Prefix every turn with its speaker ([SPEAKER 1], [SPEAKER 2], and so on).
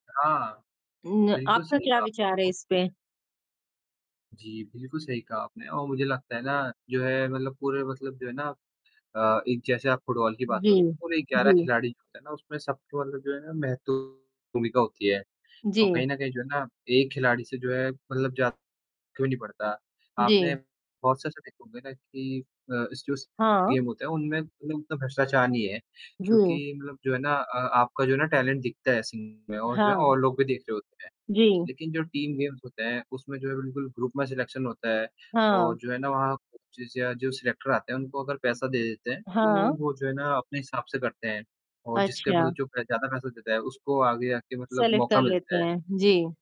[SPEAKER 1] हाँ,
[SPEAKER 2] उम,
[SPEAKER 1] बिल्कुल
[SPEAKER 2] आपका
[SPEAKER 1] सही
[SPEAKER 2] क्या
[SPEAKER 1] कहा।
[SPEAKER 2] विचार है इस पे?
[SPEAKER 1] जी, बिल्कुल सही कहा आपने। और मुझे लगता है ना जो है मतलब पूरे मतलब जो है ना अ, एक जैसे आप फुटबॉल की बात
[SPEAKER 2] जी।
[SPEAKER 1] करूँ, पूरे 11
[SPEAKER 2] जी।
[SPEAKER 1] खिलाड़ी होते हैं ना उसमें सबको मतलब जो है ना महतो भूमिका होती है। और
[SPEAKER 2] जी।
[SPEAKER 1] कहीं न कहीं जो है ना एक खिलाड़ी से जो है मतलब जा क्यों नहीं पड़ता। आपने
[SPEAKER 2] जी।
[SPEAKER 1] बहुत से ऐसे देखे होंगे ना कि अ, स जस
[SPEAKER 2] हाँ।
[SPEAKER 1] गेम होते हैं उनमें मतलब उतना भ्रष्टाचार नहीं है क्योंकि
[SPEAKER 2] जी।
[SPEAKER 1] मतलब जो है ना अ, आपका जो है ना टैलेंट दिखता है [unintelligible] में और जो है
[SPEAKER 2] हाँ।
[SPEAKER 1] और लोग भी देख रहे होते हैं।
[SPEAKER 2] जी।
[SPEAKER 1] लेकिन जो टीम गेम्स होते हैं उसमें जो है बिल्कुल ग्रुप में सिलेक्शन होता है और
[SPEAKER 2] हाँ।
[SPEAKER 1] जो है ना वहाँ कोचेस या जो सिलेक्टर आते हैं उनको अगर पैसा दे देते हैं, तो
[SPEAKER 2] हाँ।
[SPEAKER 1] वो जो है ना अपने हिसाब से करते हैं। और जिसके
[SPEAKER 2] अच्छा।
[SPEAKER 1] मतलब जो ज़्यादा पैसा देता है उसको आगे आके मतलब
[SPEAKER 2] सेलेक्ट
[SPEAKER 1] मौका
[SPEAKER 2] कर लेते
[SPEAKER 1] मिलता है।
[SPEAKER 2] हैं। जी।